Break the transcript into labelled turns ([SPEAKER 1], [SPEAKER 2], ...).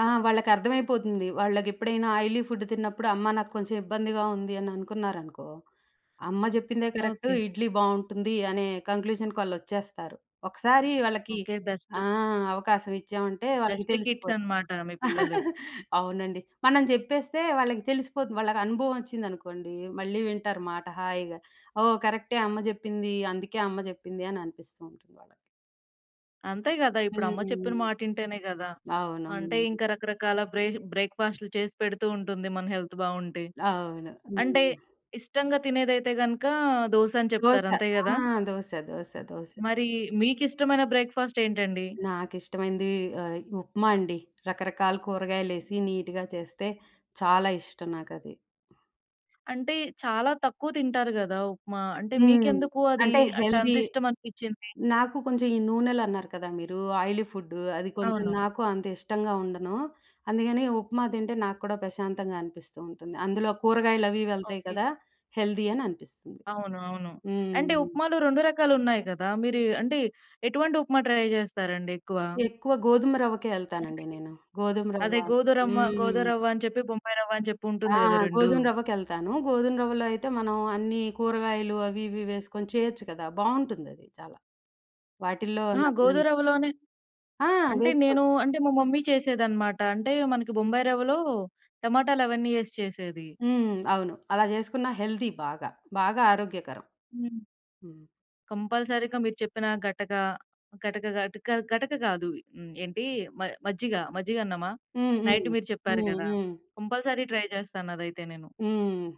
[SPEAKER 1] ఆ! వాళ్ళకర్థమైపోతుంది. వాళ్ళకెప్పుడైనా oily food తిన్నప్పుడు అమ్మ నాక్కొంచెం ఇబ్బందిగా ఉంది అని అనుకున్నారనుకో, "అమ్మ చెప్పిందే కరెక్టు
[SPEAKER 2] ఓకే.
[SPEAKER 1] ఇడ్లీ బావుంటుంది" అనే కంక్లూజన్‌కాళ్ళొచ్చేస్తారు. ఒకసారి వాళ్ళకి
[SPEAKER 2] ఓకే.
[SPEAKER 1] ఆ!
[SPEAKER 2] బెస్టు.
[SPEAKER 1] అవకాశం ఇచ్చామంటే వాళ్ళకి
[SPEAKER 2] బెస్ట్
[SPEAKER 1] తెలిసిపో
[SPEAKER 2] కిడ్సనమాట మీ పిల్లలు.
[SPEAKER 1] అవునండి. మనం జెప్పేస్తే వాళ్ళకి తెలిసిపోతు వాళ్ళకు అనుభవమొచ్చిందనుకోండి మళ్ళీ వింటారు మాట హాయిగా. "ఓహ్! కరెక్టె అమ్మ జెప్పింది. అందుకే అమ్మ జెప్పిందని అనిపిస్తూ ఉంటుంది వాళ్ళకి."
[SPEAKER 2] అంతే గదా! ఇప్పుడు అమ్మ
[SPEAKER 1] హ్మ్.
[SPEAKER 2] చెప్పిన మాట వింటేనే గదా! అంటే
[SPEAKER 1] అవునవును.
[SPEAKER 2] ఇంక రకరకాల బ్రే బ్రేక్‌ఫాస్టులు చేసి పెడుతూ ఉంటుంది. మన హెల్త్ బావుంటే
[SPEAKER 1] అవును.
[SPEAKER 2] అంటే
[SPEAKER 1] హ్మ్.
[SPEAKER 2] ఇష్టంగా తినేదైతే గనుక దోసని
[SPEAKER 1] దోస.
[SPEAKER 2] చెప్తారు. అంతే
[SPEAKER 1] ఆ!
[SPEAKER 2] గదా!
[SPEAKER 1] దోస, దోస, దోస.
[SPEAKER 2] మరీ మీకిష్టమైన బ్రేక్‌ఫాస్టేంటండి?
[SPEAKER 1] నాకిష్టమైంది ఆహ్, ఉప్మాండి. రకరకాల కూరగాయలేసి నీట్‌గా చేస్తే చాలా ఇష్టం నాకది.
[SPEAKER 2] అంటే చాలా తక్కువ తింటారు గదా! ఉప్మా? అంటే
[SPEAKER 1] హ్మ్.
[SPEAKER 2] మీకెందుకు అది
[SPEAKER 1] అంటే
[SPEAKER 2] అంటే
[SPEAKER 1] హెల్తీ
[SPEAKER 2] అంతిష్టమనిపిచింది?
[SPEAKER 1] నాకు కొంచెం ఈ నూనెలన్నారు కదా! మీరు ఆయిలీ ఫుడు. అది కొంచెం
[SPEAKER 2] అవును.
[SPEAKER 1] నాకు అంత ఇష్టంగా ఉండను. అందుకని ఉప్మా తింటే నాక్కూడా పశాంతంగా అనిపిస్తూ ఉంటుంది. అందులో కూరగాయలవి వెళ్తాయి
[SPEAKER 2] ఓకే.
[SPEAKER 1] కదా! హెల్తీ అని అనిపిస్తుంది.
[SPEAKER 2] అవును. అవును.
[SPEAKER 1] హ్మ్.
[SPEAKER 2] అంటే ఉప్మాలు 2 రకాలున్నాయి గదా! మీరు అంటే ఎటువంటి ఉప్మా ట్రై జేస్తారండి ఎక్కువ?
[SPEAKER 1] ఎక్కువ గోధుమ రవ్వకే ఎళ్తానండి
[SPEAKER 2] ఓకే.
[SPEAKER 1] నేను. గోధుమ రవ్వ
[SPEAKER 2] అదే గోధురమ్మ
[SPEAKER 1] హ్మ్.
[SPEAKER 2] గోదురవ్వ అని చెప్పి, బొంబాయి రవ్వ అని చెప్పి
[SPEAKER 1] ఆ!
[SPEAKER 2] ఉంటుంది గదా! రెండు.
[SPEAKER 1] గోధుమ రవ్వకెళ్తాను. గోధుమ రవ్వలో అయితే మనం అన్నీ కూరగాయలు అవి ఇవి వేసుకొని చేయొచ్చు గదా! బావుంటుందది. చాలా వాటిల్లో
[SPEAKER 2] ఆ!
[SPEAKER 1] న
[SPEAKER 2] గోధురవ్వలోనే
[SPEAKER 1] ఆ!
[SPEAKER 2] అంటే
[SPEAKER 1] వేసుకో
[SPEAKER 2] నేను అంటే మా మమ్మీ చేసేదన్నమాట అంటే మనకి బొంబాయి రవ్వలో టమాటాలు అవన్నీ ఎసి చేసేది.
[SPEAKER 1] హ్మ్. అవును. అలా జేసుకున్నా హెల్తీ బాగా. బాగా ఆరోగ్యకరం.
[SPEAKER 2] హ్మ్.
[SPEAKER 1] హ్మ్.
[SPEAKER 2] కంపల్సరీగా మీరు చెప్పిన గటక గటక, గటక గటక గాదు. హ్మ్. ఏంటీ మ మజ్జిగ, మజ్జిగన్నమా?
[SPEAKER 1] హ్మ్.
[SPEAKER 2] నైట్
[SPEAKER 1] హ్మ్.
[SPEAKER 2] మీరు చెప్పారు
[SPEAKER 1] హ్మ్.
[SPEAKER 2] గదా!
[SPEAKER 1] హ్మ్.
[SPEAKER 2] కంపల్సరీ ట్రై జేస్తానదైతే నేను.
[SPEAKER 1] హ్మ్.